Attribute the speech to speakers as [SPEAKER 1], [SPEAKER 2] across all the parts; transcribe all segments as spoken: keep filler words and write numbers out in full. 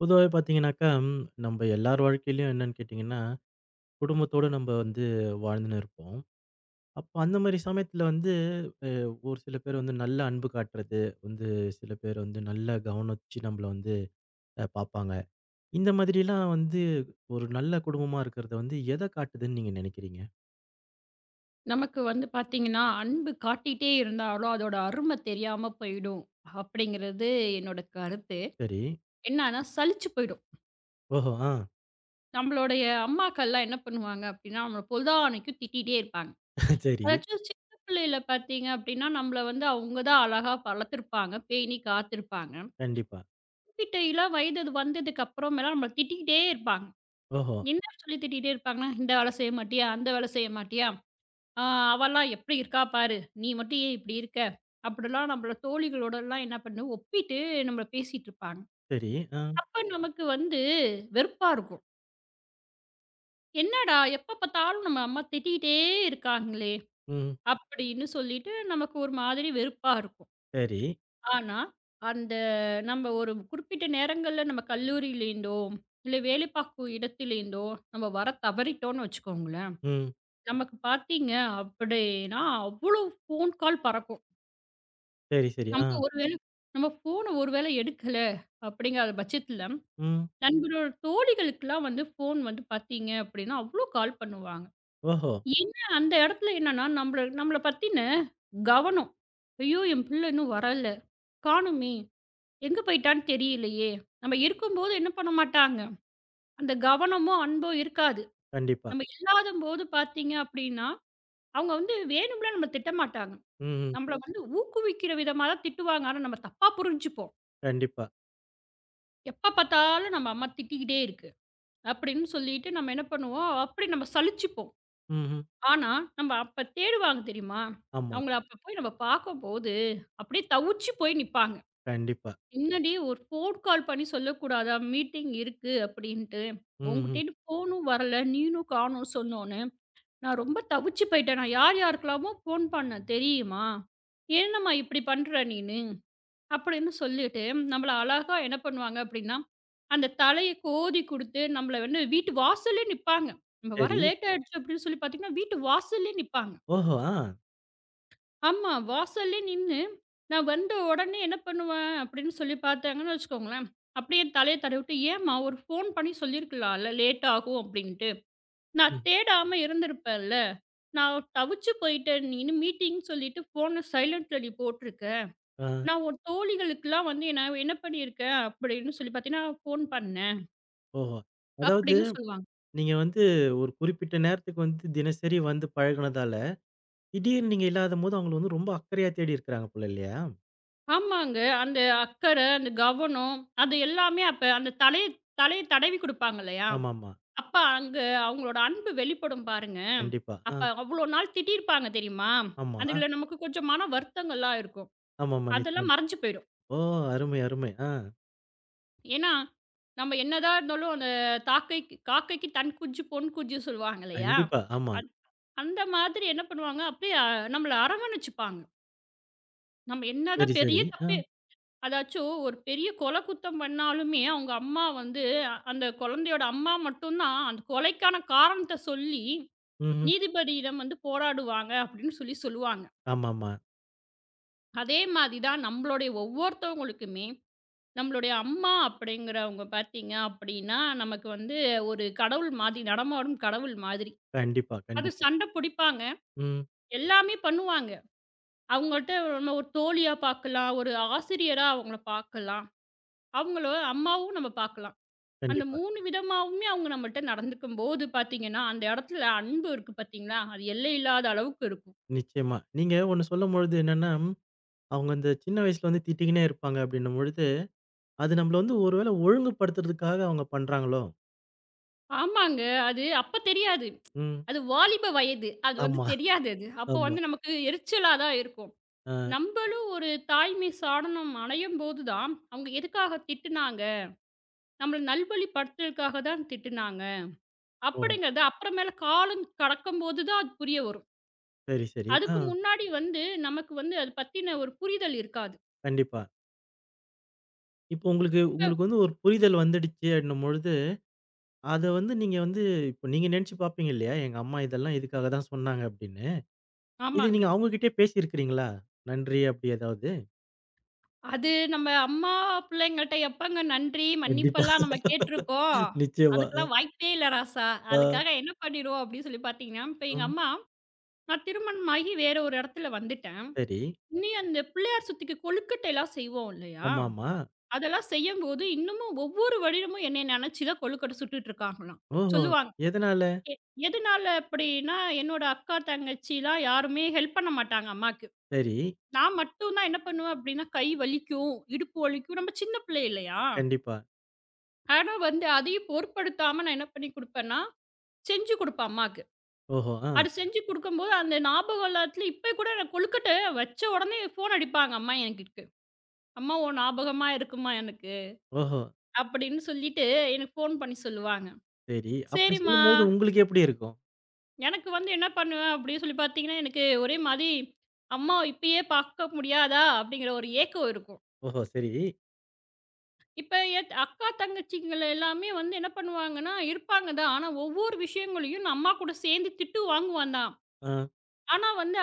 [SPEAKER 1] பொதுவாவே பார்த்தீங்கன்னாக்கா, நம்ம எல்லார் வாழ்க்கையிலும் என்னன்னு கேட்டீங்கன்னா, குடும்பத்தோடு நம்ம வந்து வாழ்ந்துன்னு இருப்போம். அப்போ அந்த மாதிரி சமயத்துல வந்து அ, ஒரு சில பேர் வந்து நல்ல அன்பு காட்டுறது வந்து, சில பேர் வந்து நல்ல கவனிச்சு நம்மள வந்து அ, பாப்பாங்க. இந்த மாதிரி எல்லாம் வந்து ஒரு நல்ல குடும்பமா இருக்குறது வந்து எதைக் காட்டுதுன்னு நீங்க நினைக்கிறீங்க?
[SPEAKER 2] நமக்கு வந்து பாத்தீங்கன்னா, அன்பு காட்டிட்டே இருந்தாலும் அதோட அருமை தெரியாம போயிடும் அப்படிங்கிறது என்னோட கருத்து.
[SPEAKER 1] சரி.
[SPEAKER 2] என்னன்னா, சலிச்சுப் போயிடும்.
[SPEAKER 1] ஓஹோ! ஆ.
[SPEAKER 2] நம்மளோட அம்மாக்கள்லாம் என்ன பண்ணுவாங்க அப்படின்னா, நம்மள பொழுதானைக்கும் திட்டிட்டே இருப்பாங்க.
[SPEAKER 1] சரி.
[SPEAKER 2] எதாச்சும் சின்னப் புள்ளையில பாத்தீங்க அப்படின்னா, நம்மள வந்து அவுங்கதான் அழகா வளர்த்துப்பாங்க. பேணிக்காத்துருப்பாங்க.
[SPEAKER 1] கண்டிப்பா.
[SPEAKER 2] திட்டற வயது வந்ததுக்கு அப்புறம் எல்லாம் நம்மள திட்டிட்டே இருப்பாங்க.
[SPEAKER 1] ஓஹோ!
[SPEAKER 2] என்ன சொல்லித் திட்டிட்டே இருப்பாங்கன்னா, இந்த வேலை செய்ய மாட்டியா? அந்த வேலை செய்ய மாட்டியா? ஆ, அவள்லாம் எப்படி இருக்கா பாரு! நீ மட்டும் ஏன் இப்படி இருக்க? அப்படிலாம் நம்மள தோழிகளோட எல்லாம் என்ன பண்ணு ஒப்பிட்டு நம்மள பேசிட்டு இருப்பாங்க.
[SPEAKER 1] சரி, ஆ.
[SPEAKER 2] அப்ப நமக்கு வந்து வெறுப்பா இருக்கும். "என்னடா, எப்பப் பார்த்தாலும் நம்ம அம்மா திட்டிக்கிட்டே இருக்காங்களே",
[SPEAKER 1] ம்.
[SPEAKER 2] அப்படின்னு சொல்லிட்டு நமக்கு ஒரு மாதிரி வெறுப்பா இருக்கும்.
[SPEAKER 1] சரி.
[SPEAKER 2] ஆனா, அந்த நம்ம ஒரு குறிப்பிட்ட நேரங்கள்ல நம்ம கல்லூரியில இருந்தோ, இல்ல வேலை பார்க்குற இடத்துல இருந்தோ, நம்ம வரத் தவறிட்டோம்னு வச்சுக்கோங்களேன்,
[SPEAKER 1] ம்.
[SPEAKER 2] நமக்கு பாத்தீங்க அப்படின்னா அவ்ளோ ஃபோன் கால் பறக்கும்.
[SPEAKER 1] சரி சரி. ஆ.
[SPEAKER 2] நம்ம ஒரு வேளை நம்ம ஃபோன் ஒருவேளை எடுக்கல அப்படிங்கிற பட்சத்துல,
[SPEAKER 1] ம்.
[SPEAKER 2] நம்மளோட தோழிகளுக்குலாம் வந்து ஃபோன் வந்து பாத்தீங்க அப்படின்னா அவ்வளோ கால் பண்ணுவாங்க.
[SPEAKER 1] ஓஹோ.
[SPEAKER 2] ஏன்னா, அந்த இடத்துல என்னன்னா நம்மள நம்மளப் பத்தின கவனம். "ஐயோ, என் பிள்ளை இன்னும் வரல! காணுமே, எங்க போயிட்டான்னு தெரியலையே!" நம்ம இருக்கும்போது என்ன பண்ணமாட்டாங்க, அந்த கவனமும், அன்பும் இருக்காது.
[SPEAKER 1] கண்டிப்பா.
[SPEAKER 2] நம்ம இல்லாதம்போது பாத்தீங்க அப்படின்னா, அவங்க வந்து வேணும்னுலாம் நம்மள திட்டமாட்டாங்க.
[SPEAKER 1] ம்ஹ்ம்.
[SPEAKER 2] நம்மள வந்து ஊக்குவிக்கிற விதமாத்தான் திட்டுவாங்க. ஆனா நாம தப்பா புரிஞ்சுப்போம்.
[SPEAKER 1] கண்டிப்பா.
[SPEAKER 2] "எப்பப் பாத்தாலும் நம்ம அம்மா திட்டிக்கிட்டே இருக்கு!" அப்படின்னு சொல்லிட்டு நாம என்ன பண்ணுவோம், அப்படி நாம சலிச்சுப்போம்.
[SPEAKER 1] ம்ஹ்ம்.
[SPEAKER 2] ஆனா, நாம அப்ப தேடுவாங்க தெரியுமா,
[SPEAKER 1] ஆமா.
[SPEAKER 2] அவங்கள அப்ப போய் நாம பாக்கும்போது, அப்படியே தவிச்சுப் போய் நிப்பாங்க.
[SPEAKER 1] கண்டிப்பா.
[SPEAKER 2] "என்னடி, ஒரு ஃபோன் கால் பண்ணி சொல்லக்கூடாதா மீட்டிங் இருக்கு அப்படின்னு.
[SPEAKER 1] ம்ஹ்ம்.
[SPEAKER 2] உன்கிட்டயும் ஃபோனும் வரல, நீனும் காணோம் சொன்னொன்னே. நான் ரொம்ப தவிச்சுப் போயிட்டேன். நான் யார் யாருக்குல்லாமோ ஃபோன் பண்ணேன் தெரியுமா? ஏன்னம்மா இப்படிப் பண்ற நீனு?" அப்படின்னு சொல்லிட்டு நம்மள அழகா என்ன பண்ணுவாங்க அப்படின்னா, அந்தத் தலைய கோதிக் கொடுத்து, நம்மள வந்து வீட்டு வாசல்ல நிப்பாங்க, நம்ம வர
[SPEAKER 1] சரி.
[SPEAKER 2] லேட் ஆயிடுச்சு அப்படின்னு சொல்லிப் பாத்தீங்கன்னா, வீட்டு வாசல்லயே நிப்பாங்க.
[SPEAKER 1] ஓஹோ. ஆ.
[SPEAKER 2] ஆமா. வாசல்லே நின்னு, நான் வந்த உடனே என்ன பண்ணுவேன்? அப்படின்னு சொல்லிப் பாத்தாங்கன்னு வச்சுக்கோங்களேன், அப்படியே தலைய தடவி விட்டு, ஏம்மா! ஒரு ஃபோன் பண்ணி சொல்லியிருக்கலான்ல, லேட்டாகும் அப்படின்னுட்டு. நான்
[SPEAKER 1] ம்.
[SPEAKER 2] தேடாம இருந்திருப்பேன் இல்ல. நான் தவிச்சுப் போயிட்டேன், நீ இன்னும் மீட்டிங் சொல்லிட்டு ஃபோன் சைலன்ட்ல நீ போட்டுருக்க.
[SPEAKER 1] ஆ.
[SPEAKER 2] நான் உன் தோழிகளுக்கெல்லாம் வந்து, நான் என்ன பண்ணி இருக்கேன்? அப்படின்னு சொல்லிப் பாத்தீனா, ஃபோன் பண்ணேன்
[SPEAKER 1] ஓஹோ! அதாவது,
[SPEAKER 2] அப்பிடின்னு சொல்லுவாங்க.
[SPEAKER 1] நீங்க வந்து ஒரு குறிப்பிட்ட நேரத்துக்கு வந்து தினசரி வந்து பழகினதால, திடீர்னு நீங்க இல்லாதம்போது அவங்க வந்து ரொம்ப அக்கறையா தேடி இருக்காங்க போல, இல்லையா?
[SPEAKER 2] ஆமாங்க. அந்த அக்கறை, அந்த கவனம், அது எல்லாமே அப்ப அந்தத் தலைய தலைய தடவி கொடுப்பாங்க இல்லையா!
[SPEAKER 1] ஆமா, ஆமா.
[SPEAKER 2] அப்போ அங்க அவுங்களோட அன்பு வெளிப்படும் பாருங்க.
[SPEAKER 1] கண்டிப்பா,
[SPEAKER 2] அப்ப
[SPEAKER 1] அ.
[SPEAKER 2] அவ்ளோ நாள் திட்டி இருப்பாங்க தெரியுமா?
[SPEAKER 1] ஆமா.
[SPEAKER 2] அதுல நமக்குக் கொஞ்சம் மன வருத்தங்கள்லாம் இருக்கும்.
[SPEAKER 1] ஆமா, ஆமா.
[SPEAKER 2] அதெல்லாம்
[SPEAKER 1] நிச்சயமா.
[SPEAKER 2] மறைஞ்சு போயிரும்.
[SPEAKER 1] ஓ! அருமை, அருமை. ஆ.
[SPEAKER 2] ஏன்னா, நம்ம என்னதான் இருந்தாலும், அந்தத் தாக்கைக் "காக்கைக்குத் தன் குஞ்சு பொன் குஞ்சு" சொல்லுவாங்க இல்லையா!
[SPEAKER 1] கண்டிப்பா. ஆமா.
[SPEAKER 2] அத் அந்த மாதிரி என்ன பண்ணுவாங்க? அப்படியே அ நம்மள அரவணைச்சுப்பாங்க. நம்ம
[SPEAKER 1] சரி,
[SPEAKER 2] என்னதான்
[SPEAKER 1] சரி.
[SPEAKER 2] பெரிய
[SPEAKER 1] அ.
[SPEAKER 2] தப்பே அதாச்சும் ஒரு பெரிய கொலைக் குத்தம் பண்ணாலுமே அவங்க அம்மா வந்து, அந்தக் குழந்தையோட அம்மா மட்டும்தான் அந்தக் கொலைக்கான காரணத்தைச் சொல்லி
[SPEAKER 1] ம்ஹ்ம்.
[SPEAKER 2] நீதிபதியிடம் வந்து போராடுவாங்க அப்படின்னு சொல்லிச் சொல்லுவாங்க.
[SPEAKER 1] ஆமாம்மா.
[SPEAKER 2] அதே மாதிரி தான் நம்மளோட ஒவ்வொருத்தங்களுக்குமே, நம்மளோட அம்மா அப்படிங்கிறவங்க பாத்தீங்கன்னா, நமக்கு வந்து ஒரு கடவுள் மாதிரி, நடமாடும் கடவுள் மாதிரி.
[SPEAKER 1] கண்டிப்பா.
[SPEAKER 2] அது
[SPEAKER 1] கண்டிப்பா.
[SPEAKER 2] சண்டை புடிப்பாங்க.
[SPEAKER 1] ம்.
[SPEAKER 2] எல்லாமே பண்ணுவாங்க. அவங்கள்ட்ட நம்மளோட ஒரு தோழியா பாக்கலாம். ஒரு ஆசிரியரா அவங்கள பாக்கலாம். அவங்கள அம்மாவும் நாம பாக்கலாம். அந்த
[SPEAKER 1] கண்டிப்பா.
[SPEAKER 2] மூணு விதமாவுமே அவங்க நம்மள்ட்ட நடந்துக்கும்போது பாத்தீங்கன்னா, அந்த இடத்துல அன்பு இருக்கு பாத்தீங்களா, அது எல்லை இல்லாத அளவுக்கு இருக்கும்.
[SPEAKER 1] நிச்சயமா. நீங்க ஒன்னு சொல்லும்பொழுது என்னன்னா, அவங்க இந்தச் சின்ன வயசுல திட்டிட்டே இருப்பாங்க அப்படின்னு பொழுது, அது நம்மள ஒரு வேலை ஒழுங்குபடுத்தறதுக்காக அவங்க பண்றாங்களோ?
[SPEAKER 2] ஆமாங்க. அது அப்பத் தெரியாது.
[SPEAKER 1] ம்.
[SPEAKER 2] அது வாலிப வயது. அது வந்து
[SPEAKER 1] ஆமா
[SPEAKER 2] தெரியாது அப்போ
[SPEAKER 1] ஆமா.
[SPEAKER 2] வந்து நமக்கு எரிச்சலாதான் இருக்கும்.
[SPEAKER 1] ஆ
[SPEAKER 2] நம்மளும் ஒரு தாய்மை சாடனம் அடையும்போதுதான், அவங்க எதுக்காகத் திட்டுனாங்க. நம்மள நல்வழிப்படுத்துவதற்காகத்தான் திட்டுனாங்க
[SPEAKER 1] ஓ!
[SPEAKER 2] அப்படிங்கிறத, அப்புறம் மேல காலம் கடக்கும்போதுதான் அது புரிய வரும்.
[SPEAKER 1] சரி, சரி.
[SPEAKER 2] அதுக்கு
[SPEAKER 1] ஆ.
[SPEAKER 2] முன்னாடி வந்து நமக்கு வந்து அதைப் பத்தின ஒரு புரிதல் இருக்காது.
[SPEAKER 1] கண்டிப்பா. இப்போ, உங்களுக்கு உங்களுக்கு வந்து ஒரு புரிதல் வந்துடுச்சு அப்படின்னும்போது, அத வந்து நீங்க வந்து இப்ப நீங்க நினைச்சுப் பாப்பீங்க இல்லையா? எங்க அம்மா இதெல்லாம் இதுக்காகத்தான் சொன்னாங்க அப்படின்னு. இத
[SPEAKER 2] ஆமாங்க.
[SPEAKER 1] நீங்க அவங்ககிட்டயே பேசி இருக்கிறீங்களா? நன்றி, அப்படி ஏதாவது?
[SPEAKER 2] அது, நம்ம அம்மா பிள்ளைங்கள்ட்ட எப்பங்க நன்றி,
[SPEAKER 1] கண்டிப்பா.
[SPEAKER 2] மன்னிப்பெல்லாம் நம்ம கேட்டுருக்கோம்?
[SPEAKER 1] நிச்சயமா. அ.
[SPEAKER 2] அதுக்கெல்லாம் வாய்ப்பே இல்ல ராசா.
[SPEAKER 1] ஆ.
[SPEAKER 2] அதுக்காக என்ன பண்ணிருவோம்? அப்படின்னு சொல்லிப் பாத்தீங்கன்னா, இப்ப எங்க
[SPEAKER 1] ம்.
[SPEAKER 2] அம்மா, நான் திருமணமாகி வேற ஒரு இடத்துல வந்துட்டேன்.
[SPEAKER 1] சரி.
[SPEAKER 2] இனி அந்தப் பிள்ளையார் சதுர்த்திக்கு கொழுக்கட்டை எல்லாம் செய்வோம் இல்லையா?
[SPEAKER 1] ஆமாமா.
[SPEAKER 2] அதெல்லாம் செய்யும் போது இன்னமும் ஒவ்வொரு வருடமும் என்னைய நினைச்சுத்தான் கொழுக்கட்டை சுட்டுட்டு இருக்காங்களாம்,
[SPEAKER 1] ஓஹோ.
[SPEAKER 2] சொல்லுவாங்க.
[SPEAKER 1] எதனால?
[SPEAKER 2] எ எதனால அப்படின்னா, என்னோட அக்கா, தங்கச்சிலாம் யாருமே ஹெல்ப் பண்ண மாட்டாங்க, அம்மாக்கு.
[SPEAKER 1] சரி.
[SPEAKER 2] நான் மட்டும் தான் என்ன பண்ணுவேன்? அப்படின்னா, கை வலிக்கும், இடுப்பு வலிக்கும். நம்ம சின்ன பிள்ளை இல்லையா?
[SPEAKER 1] கண்டிப்பா.
[SPEAKER 2] ஆனா, வந்து அதையும் பொருட்படுத்தாம நான் என்ன பண்ணிக் கொடுப்பேன்னா, செஞ்சு கொடுப்பேன் அம்மாக்கு.
[SPEAKER 1] ஓஹோ! ஆ.
[SPEAKER 2] அது செஞ்சு கொடுக்கும் போது அந்த ஞாபகம் எல்லாத்துலயும் இப்ப கூட நான் கொழுக்கட்டை வச்ச உடனே போன் அடிப்பாங்க அம்மா எனக்கு. "அம்மா, உன் ஞாபகமா இருக்கும்மா எனக்கு"
[SPEAKER 1] ஓஹோ.
[SPEAKER 2] அப்படின்னு சொல்லிட்டு எனக்கு போன் பண்ணி சொல்லுவாங்க.
[SPEAKER 1] சரி. அப்படி
[SPEAKER 2] சரிம்மா
[SPEAKER 1] சொல்லும் பொழுது உங்களுக்கு எப்படி இருக்கும்?
[SPEAKER 2] எனக்கு வந்து என்ன பண்ணுவேன் அப்படி சொல்லிப் பார்த்தீங்கனா, எனக்கு ஒரே மாதிரி அம்மா இப்பயே பார்க்க முடியாதா அப்படிங்கிற ஒரு ஏக்கம் இருக்கும்.
[SPEAKER 1] ஓஹோ! சரி.
[SPEAKER 2] இப்ப என் அக்கா தங்கச்சிகள எல்லாமே வந்து என்ன பண்ணுவாங்கன்னா, இருப்பாங்கதான். ஆனா ஒவ்வொரு விஷயங்களையும் நான் அம்மா கூடச் சேர்ந்து திட்டு வாங்குவேன் தான்.
[SPEAKER 1] ஆ.
[SPEAKER 2] ஆனால் வந்து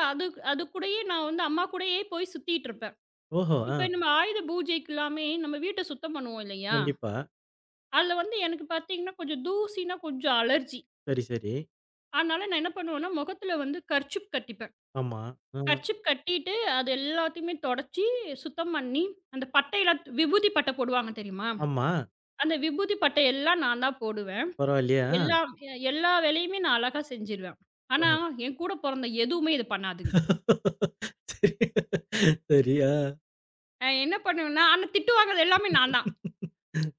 [SPEAKER 2] அதற்குடைய நான் வந்து அம்மா கூடவே போய் சுற்றிட்டு இருப்பேன்.
[SPEAKER 1] ஓஹோ! ஆ.
[SPEAKER 2] இப்பொழுது நாம் ஆயுத பூஜைக்கு எல்லாம் நம்முடைய வீட்டைச் சுத்தம் பண்ணுவோம் இல்லையா?
[SPEAKER 1] கண்டிப்பா.
[SPEAKER 2] அதில் வந்து எனக்குப் பார்த்தீங்கன்னா கொஞ்சம் தூசின்னா கொஞ்சம் அலர்ஜி
[SPEAKER 1] சரி, சரி.
[SPEAKER 2] அதனால நான் என்ன பண்ணுவேன்னா, முகத்தில வந்து கர்சீப் கட்டிப்பேன்.
[SPEAKER 1] ஆமா. ஆ.
[SPEAKER 2] கர்சீப் கட்டிட்டு அது எல்லாவற்றையுமே துடைத்துச் சுத்தம் பண்ணி, அந்தப் பட்டை எல்லாம் விபூதிப் பட்டை போடுவார்கள் தெரியுமா?
[SPEAKER 1] ஆமா.
[SPEAKER 2] அந்த விபூதிப் பட்டை எல்லாம் நான்தான் போடுவேன்.
[SPEAKER 1] பரவாயில்லையா?
[SPEAKER 2] எல்லா எல்லா வேலையையும் நான் அழகாகச் செய்துவிடுவேன். ஆனால் என் கூடப் பிறந்த எதுவுமே இது பண்ணாதுங்க.
[SPEAKER 1] சரி சரியா?
[SPEAKER 2] நான் என்ன பண்ணுவேன்னா, ஆனா திட்டு வாங்குவது எல்லாமே நான்தான்.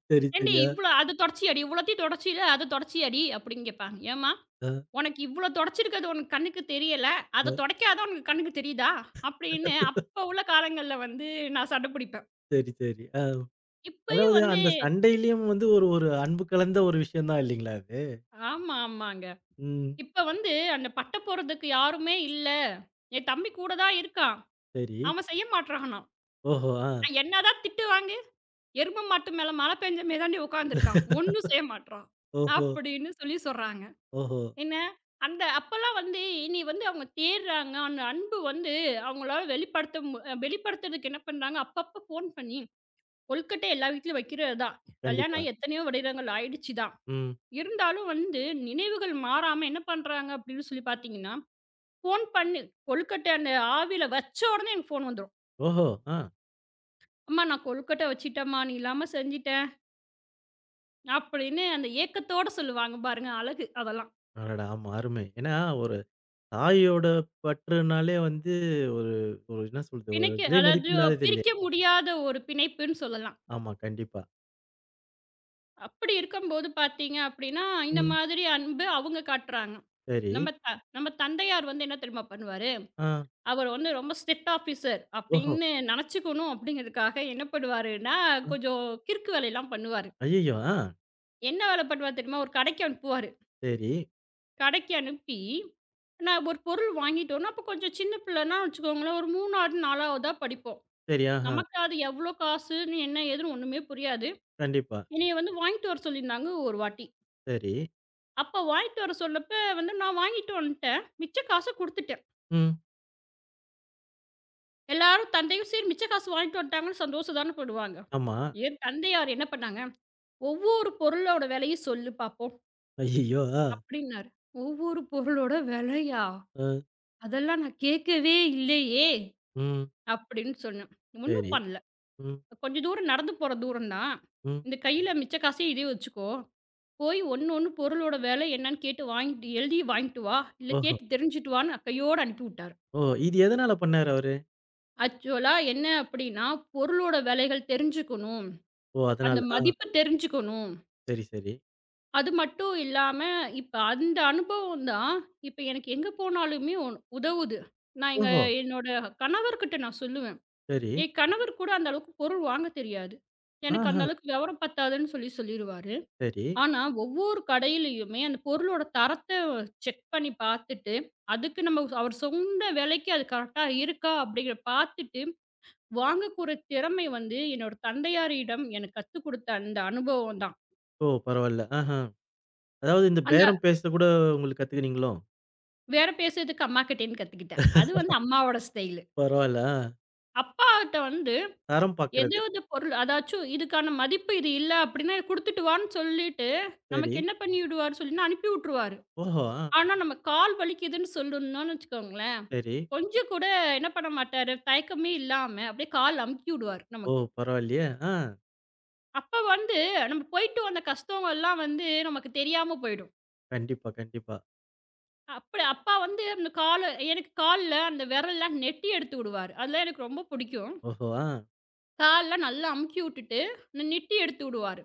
[SPEAKER 1] சரி
[SPEAKER 2] "ஏண்டி,
[SPEAKER 1] சரியா?
[SPEAKER 2] இவ்வளவு அதைத் துடைச்சியாடி, இவ்வளவையும் துடைச்சில, அதைத் துடைச்சியாடி" அப்படின்னு கேட்பாங்க. "ஏம்மா,
[SPEAKER 1] அ.
[SPEAKER 2] உனக்கு இவ்வளவு துடைச்சிருக்கறது உன்னுடைய கண்ணுக்குத் தெரியவில்லை,
[SPEAKER 1] ஆ.
[SPEAKER 2] அதைத் துடைக்காதது தான் உன் கண்ணுக்குத் தெரியுதா?" அப்படின்னு அப்ப உள்ள காலங்கள்ல வந்து நான் சண்டை பிடிப்பேன்.
[SPEAKER 1] சரி, சரி. ஆ.
[SPEAKER 2] இப்பயும்
[SPEAKER 1] அதாவது,
[SPEAKER 2] வந்து
[SPEAKER 1] அந்தச் சண்டையிலும் வந்து ஒரு, ஒரு அன்பு கலந்த ஒரு விஷயம்தான் இல்லீங்களா! அது?
[SPEAKER 2] ஆமா, ஆமாங்க.
[SPEAKER 1] ம்.
[SPEAKER 2] இப்ப வந்து அந்தப் பட்டை போடுறதுக்கு யாருமே இல்ல. என் தம்பி கூடதான் இருக்கான்.
[SPEAKER 1] சரி.
[SPEAKER 2] அவன் செய்ய மாட்றான்னா.
[SPEAKER 1] ஓஹோ. ஆ.
[SPEAKER 2] "நான் என்னதான் திட்டு வாங்கு, எருமை மாட்டு மேல மழை பெஞ்ச மாதிரிதான்டி உக்காந்து இருக்கான். ஒன்னும் செய்ய மாட்றான்"
[SPEAKER 1] ஓஹோ.
[SPEAKER 2] அப்படின்னு சொல்லிச் சொல்றாங்க.
[SPEAKER 1] ஓஹோ.
[SPEAKER 2] என்ன? அந்த அப்பல்லாம் வந்து இனி வந்து அவுங்க தேட்றாங்க. அந்த அன்பு வந்து அவுங்களால வெளிப்படுத்த அ வெளிப்படுத்துறதுக்கு என்ன பண்றாங்க, அப்பப்ப ஃபோன் பண்ணி கொழுக்கட்டை எல்லா வீட்லயும் வைக்கிறதுதான். கல்யாணம்
[SPEAKER 1] கண்டிப்பா.
[SPEAKER 2] ஆயி எத்தனையோ வருடங்கள் ஆயிடுச்சு.
[SPEAKER 1] ம்.
[SPEAKER 2] இருந்தாலும் வந்து நினைவுகள் மாறாம என்ன பண்றாங்க அப்படின்னு சொல்லிப் பார்த்தீங்கன்னா, ஃபோன் பண்ணு, கொழுக்கட்டை அந்த ஆவியில வச்ச உடனே எனக்குப் ஃபோன் வந்துரும்.
[SPEAKER 1] ஓஹோ! ஆ.
[SPEAKER 2] அம்மா நான் கொழுக்கட்டை வச்சிட்டேன்மா! நீ இல்லாம செஞ்சிட்டேன். அப்பிடின்னு அந்த ஏக்கத்தோடு சொல்லுவாங்க பாருங்க! அழகு அதெல்லாம்.
[SPEAKER 1] அடடா! ஆமா, அருமை. ஏன்னா, ஒரு தாயோட பற்றுன்னாலே வந்து ஒரு, ஒரு என்ன சொல்றது, ஒரு
[SPEAKER 2] தினக்கி
[SPEAKER 1] விலைமதிப்பு
[SPEAKER 2] அதாவது
[SPEAKER 1] இல்லாதது இல்லையா?
[SPEAKER 2] பிரிக்க முடியாத ஒரு பிணைப்புன்னு சொல்லலாம்.
[SPEAKER 1] ஆமாம், கண்டிப்பா.
[SPEAKER 2] அப்படி இருக்கும்போது பார்த்தீங்க அப்படின்னா, இந்த
[SPEAKER 1] ம்.
[SPEAKER 2] மாதிரி அன்பு அவங்க காட்டுறாங்க.
[SPEAKER 1] சரி.
[SPEAKER 2] நம்ம த நம்ம தந்தையார் வந்து என்ன தெரியுமா பண்ணுவாரு?
[SPEAKER 1] ஆ.
[SPEAKER 2] அவர் வந்து ரொம்ப ஸ்ட்ரிக்ட் ஆபிசர்
[SPEAKER 1] ஓஹோ.
[SPEAKER 2] அப்படின்னு நினைச்சுக்கணும் அப்படிங்கறதுக்காக என்ன பண்ணுவாருன்னா,
[SPEAKER 1] ஆ.
[SPEAKER 2] கொஞ்சம் கிறுக்கு வேலைலாம் பண்ணுவாரு.
[SPEAKER 1] அய்யய்யோ! ஆஹ்.
[SPEAKER 2] என்ன வேலை பண்ணுவாரு தெரியுமா? ஒரு கடைக்கு அனுப்புவாரு.
[SPEAKER 1] சரி.
[SPEAKER 2] கடைக்கு அனுப்பி, நான் ஒரு பொருள் வாங்கிட்டு வரணும். அப்ப கொஞ்சம் சின்ன பிள்ளைன்னா வச்சுக்கோங்களேன், ஒரு மூணாவது நாலாவது தான் படிப்போம்.
[SPEAKER 1] சரி, ஆஹா.
[SPEAKER 2] நமக்கு அது எவ்வளவு காசுன்னு என்ன? ஏதுன்னு ஒண்ணுமே புரியாது.
[SPEAKER 1] கண்டிப்பா.
[SPEAKER 2] என்னைய வந்து வாங்கிட்டு வர சொல்லிருந்தாங்க, ஒரு வாட்டி.
[SPEAKER 1] சரி.
[SPEAKER 2] அப்ப வாங்கிட்டு வர சொன்னப்ப வந்து, நான் வாங்கிட்டு வந்துட்டேன், மிச்ச காச கொடுத்துட்டேன்.
[SPEAKER 1] ம்.
[SPEAKER 2] எல்லாரும் தந்தையும் சரி மிச்ச காசு வாங்கிட்டு வந்துட்டாங்கன்னு சந்தோஷம் தான படுவாங்க.
[SPEAKER 1] ஆமா.
[SPEAKER 2] என் தந்தையார் என்ன பண்ணாங்க? ஒவ்வொரு பொருளோட விலையும் சொல்லு பாப்போம்!
[SPEAKER 1] அய்யய்யோ! ஆ.
[SPEAKER 2] அப்படின்னாரு. ஒவ்வொரு பொருளோட விலையா?
[SPEAKER 1] ஆ.
[SPEAKER 2] அதெல்லாம் நான் கேக்கவே இல்லையே!
[SPEAKER 1] ம்.
[SPEAKER 2] அப்படின்னு சொன்னேன். ஒண்ணும்
[SPEAKER 1] சரி.
[SPEAKER 2] பண்ணல.
[SPEAKER 1] ம்.
[SPEAKER 2] கொஞ்ச தூரம் நடந்து போற தூரம் தான்.
[SPEAKER 1] ம்.
[SPEAKER 2] இந்த கையில மிச்ச காசையும், இதையும் வச்சுக்கோ. போய் ஒண்ணு ஒண்ணு பொருளோட விலை என்னன்னு கேட்டு வாங்கிட்டு எழுதி வாங்கிட்டு வா! இல்ல
[SPEAKER 1] ஓஹோ.
[SPEAKER 2] கேட்டு தெரிஞ்சிட்டு வான்னு அ கையோட அனுப்பி விட்டாரு.
[SPEAKER 1] ஓ, இது எதனால பண்ணாரு அவரு?
[SPEAKER 2] ஆக்சுவலா என்ன அப்படின்னா, பொருளோட விலைகள் தெரிஞ்சுக்கணும்.
[SPEAKER 1] ஓ அதனால.
[SPEAKER 2] அந்த
[SPEAKER 1] ஆ.
[SPEAKER 2] மதிப்பு தெரிஞ்சுக்கணும்.
[SPEAKER 1] சரி, சரி.
[SPEAKER 2] அது மட்டும் இல்லாம, இப்ப அந்த அனுபவம் தான் இப்ப எனக்கு எங்க போனாலுமே உ உதவுது. நான் எங்க
[SPEAKER 1] ஓஹோ.
[SPEAKER 2] என்னோட கணவர்கிட்ட நான் சொல்லுவேன்.
[SPEAKER 1] சரி.
[SPEAKER 2] என் கணவருக்குக் கூட அந்த அளவுக்குப் பொருள் வாங்கத் தெரியாது. "எனக்கு அந்த
[SPEAKER 1] ஆஹா.
[SPEAKER 2] அளவுக்கு விவரம் பத்தாதுன்னு" சொல்லிச் சொல்லிருவாரு.
[SPEAKER 1] சரி.
[SPEAKER 2] ஆனா, ஒவ்வொரு கடையிலயுமே அந்தப் பொருளோட தரத்தை செக் பண்ணிப் பாத்துட்டு அதுக்கு நம்ம அவர் சொன்ன விலைக்கு அது கரெக்ட்டா இருக்கா அப்படிங்கிறது பாத்துட்டு, வாங்கக்கொற திறமை வந்து என்னோட தந்தையாரிடம் எனக்குக் கத்துக் கொடுத்த அந்த அனுபவம் தான்.
[SPEAKER 1] ஓ, பரவாயில்ல. ஆஹா. அதாவது, இந்தப்
[SPEAKER 2] அந்த
[SPEAKER 1] பேரம் பேசக் கூட உங்களுக்குக் கத்துக்கிட்டீங்களோ?
[SPEAKER 2] பேரம் பேசுறதுக்கு அம்மாகிட்டயிருந்து கத்துக்கிட்டேன். அது வந்து அம்மாவோட ஸ்டைலு.
[SPEAKER 1] பரவாயில்லா. ஆ.
[SPEAKER 2] அப்பாகிட்ட வந்து
[SPEAKER 1] தரம் பார்க்கிறது.
[SPEAKER 2] ஏதாவது பொருள், "அதாச்சும் இதுக்கான மதிப்பு இது இல்ல" அப்படின்னா, "குடுத்துட்டு வான்னு" சொல்லிட்டு நமக்கு
[SPEAKER 1] சரி.
[SPEAKER 2] என்ன பண்ணிவிடுவாருன்னு சொல்லுனா உட்டுருவாரு விட்ருவாறு.
[SPEAKER 1] ஓஹோ. ஆ.
[SPEAKER 2] ஆனா, நம்ம கால் வலிக்குதுன்னு சொல்லணும்னு வச்சுக்கோங்களேன்.
[SPEAKER 1] சரி.
[SPEAKER 2] கொஞ்சம் கூட என்ன பண்ண மாட்டாரு, தயக்கமே இல்லாம அப்படியே கால் அமுக்கி விடுவாரு
[SPEAKER 1] ஓ
[SPEAKER 2] நமக்கு.
[SPEAKER 1] பரவாயில்லையே? ஆ.
[SPEAKER 2] அப்ப வந்து, நம்ம போயிட்டு வந்த கஷ்தங்கள்லாம் வந்து நமக்குத் தெரியாம போயிடும்.
[SPEAKER 1] கண்டிப்பா, கண்டிப்பா.
[SPEAKER 2] அப்படி அப்பா வந்து அந்தக் காலு எனக்குக் கால்ல அந்த விரல் எல்லாம் நெட்டி எடுத்து விடுவாரு. அதெல்லாம் எனக்கு ரொம்ப பிடிக்கும்.
[SPEAKER 1] ஓஹோ! ஆஹ்.
[SPEAKER 2] கால்லாம் நல்லா அமுக்கி விட்டுட்டு, இந்த நெட்டி எடுத்துவுடுவாரு.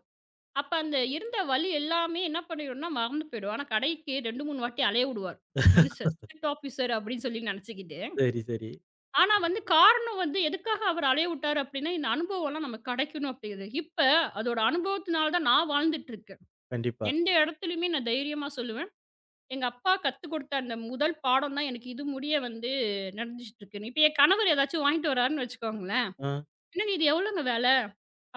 [SPEAKER 2] அப்ப அந்த, இருந்த வலி எல்லாமே என்ன பண்ணிடும்னா, மறந்து போயிடும். ஆனா, கடைக்கு ரெண்டு, மூணு வாட்டி அலைய உடுவார், மனுஷர். ஸ்டிரிக்ட் ஆஃபிசர் அப்படின்னு சொல்லி நெனைச்சுக்கிட்டு.
[SPEAKER 1] சரி, சரி.
[SPEAKER 2] ஆனா வந்து, காரணம் வந்து, எதுக்காக அவர் அலைய உட்டார்? அப்படின்னா, இந்த அனுபவம் எல்லாம் நமக்குக் கிடைக்கணும் அப்படிது இப்ப, அதோட அனுபவத்துனாலதான் நான் வாழ்ந்துட்டு இருக்கேன்.
[SPEAKER 1] கண்டிப்பா.
[SPEAKER 2] எந்த இடத்துலயுமே நான் தைரியமா சொல்லுவேன். எங்க அப்பா கத்து கொடுத்த அந்த முதல் பாடம் தான் எனக்கு இது முடிய வந்து [unintelligible] இருக்கு. இப்ப என் கணவர் எதாச்சும் வாங்கிட்டு வர்றாருன்னு வச்சுக்கோங்களேன்,
[SPEAKER 1] ஆஹ்.
[SPEAKER 2] "என்னங்க, இது எவ்ளோங்க விலை?"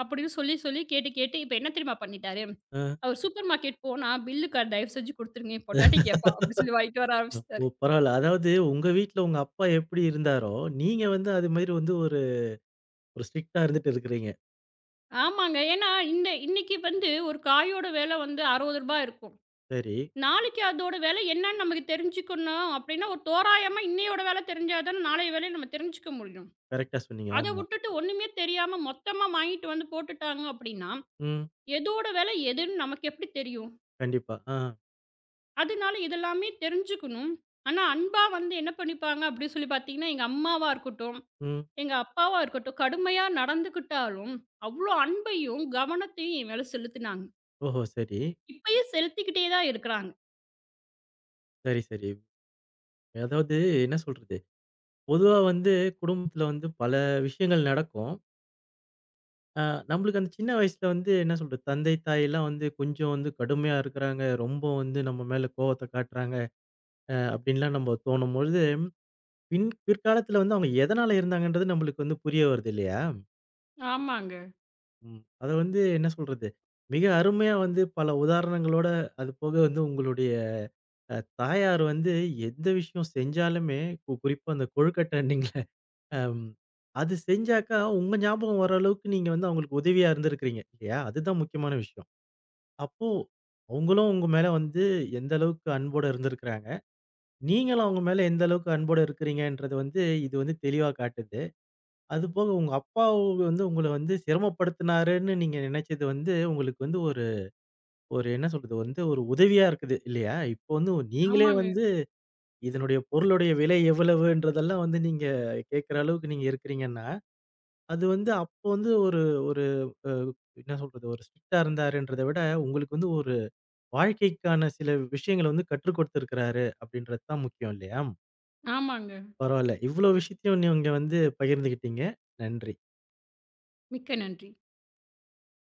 [SPEAKER 2] அப்படின்னு சொல்லிச் சொல்லி, கேட்டு கேட்டு இப்ப என்ன தெரியுமா பண்ணிட்டாரு?
[SPEAKER 1] ஆஹ்.
[SPEAKER 2] அவர் சூப்பர் மார்கெட் போனா பில் க தயவு செஞ்சு குடுத்துருங்க, என் பொண்டாட்டி கேப்பா, அப்படின்னு சொல்லி வாங்கிட்டு வர
[SPEAKER 1] ஓ,
[SPEAKER 2] ஆரம்பிச்சிட்டாரு.
[SPEAKER 1] பரவாயில்ல! அதாவது, உங்க வீட்ல உங்க அப்பா எப்படி இருந்தாரோ, நீங்க வந்து அது மாதிரி வந்து ஒரு ஒரு ஸ்டிரிக்ட்டா இருந்துட்டு இருக்கிறீங்க.
[SPEAKER 2] ஆமாங்க. ஏன்னா, இந்த இன்னைக்கு வந்து ஒரு காயோட விலை வந்து அறுபது ரூபாய் இருக்கும்.
[SPEAKER 1] சரி.
[SPEAKER 2] நாளைக்கு அதோட விலை என்னன்னு நமக்குத் தெரிஞ்சுக்கணும் அப்படின்னா, ஒரு தோராயமா இன்னையோட விலை தெரிஞ்சாதானே, நாளைய விலை நம்ம தெரிஞ்சுக்க முடியும்.
[SPEAKER 1] கரெக்டா சொன்னீங்க.
[SPEAKER 2] அதை
[SPEAKER 1] ஆமா.
[SPEAKER 2] விட்டுட்டு, ஒண்ணுமே தெரியாம மொத்தமா வாங்கிட்டு வந்து போட்டுட்டாங்க அப்படின்னா,
[SPEAKER 1] ம்.
[SPEAKER 2] எதோட விலை எதுன்னு நமக்கு எப்படி தெரியும்?
[SPEAKER 1] கண்டிப்பா. ஆஹ்.
[SPEAKER 2] அதனால இது எல்லாமே தெரிஞ்சுக்கணும். ஆனா அன்பா வந்து என்ன பண்ணிப்பாங்க அப்படின்னு சொல்லிப் பார்த்தீங்கன்னா, எங்க அம்மாவா இருக்கட்டும்,
[SPEAKER 1] ம்.
[SPEAKER 2] எங்க அப்பாவா இருக்கட்டும் கடுமையா நடந்துக்கிட்டாலும் அவ்வளவு அன்பையும் கவனத்தையும் என் மேல செலுத்துனாங்க.
[SPEAKER 1] ஓஹோ! சரி.
[SPEAKER 2] இப்பயும் செலுத்திக்கிட்டே தான் இருக்காங்க.
[SPEAKER 1] சரி, சரி. அதாவது என்ன சொல்றது? பொதுவா வந்து குடும்பத்துல வந்து பல விஷயங்கள் நடக்கும். ஆ, நம்பளுக்கு அந்தச் சின்ன வயசுல வந்து என்ன சொல்றது தந்தை, தாய் எல்லாம் வந்து கொஞ்சம் வந்து கடுமையா இருக்காங்க. ரொம்ப வந்து நம்ம மேல கோபத்தை காட்டுறாங்க அப்படின்னு எல்லாம் நம்ம தோணும் போது பின் பிற்காலத்தில் வந்து அவங்க எதனால இருந்தாங்கன்றது நம்மளுக்கு வந்து புரிய வருது இல்லையா?
[SPEAKER 2] ஆமாங்க.
[SPEAKER 1] ம், அதை வந்து என்ன சொல்றது மிக அருமையா வந்து பல உதாரணங்களோட, அது போக வந்து உங்களுடைய தாயார் வந்து எந்த விஷயம் செஞ்சாலுமே, குறிப்பா அந்தக் கொழுக்கட்டணீங்கள்ல அது செஞ்சாக்கா உங்க ஞாபகம் வர்ற அளவுக்கு நீங்க வந்து அவங்களுக்கு உதவியா இருந்திருக்கிறீங்க இல்லையா? அதுதான் முக்கியமான விஷயம். அப்போ அவங்களும் உங்க மேல வந்து எந்த அளவுக்கு அன்போட இருந்திருக்கறாங்க, நீங்களும் அவங்க மேல எந்த அளவுக்கு அன்போட இருக்கிறீங்கன்றத வந்து இது வந்து தெளிவா காட்டுது. அது போக உங்க அப்பா வந்து உங்களை வந்து சிரமப்படுத்தினாருன்னு நீங்க நினைச்சது வந்து உங்களுக்கு வந்து ஒரு ஒரு என்ன சொல்றது? வந்து ஒரு உதவியா இருக்குது இல்லையா? இப்ப வந்து நீங்களே
[SPEAKER 2] ஆமாங்க.
[SPEAKER 1] வந்து இதனுடைய பொருளுடைய விலை எவ்வளவுன்றதெல்லாம் வந்து நீங்கக் கேக்குற அளவுக்கு நீங்க இருக்கிறீங்கன்னா, அது வந்து அப்ப வந்து ஒரு ஒரு என்ன சொல்றது ஒரு ஸ்ட்ரிக்டா இருந்தார்ன்றதை விட உங்களுக்கு வந்து ஒரு வாழ்க்கைக்கான சில விஷயங்களை வந்து கற்றுக் கொடுத்திருக்காரு அப்படின்றது தான் முக்கியம் இல்லையா?
[SPEAKER 2] ஆமாங்க.
[SPEAKER 1] பரவாயில்ல. இவ்வளவு விஷயத்தையும் நீங்க வந்து பகிர்ந்துக்கிட்டீங்க. நன்றி.
[SPEAKER 2] மிக்க நன்றி.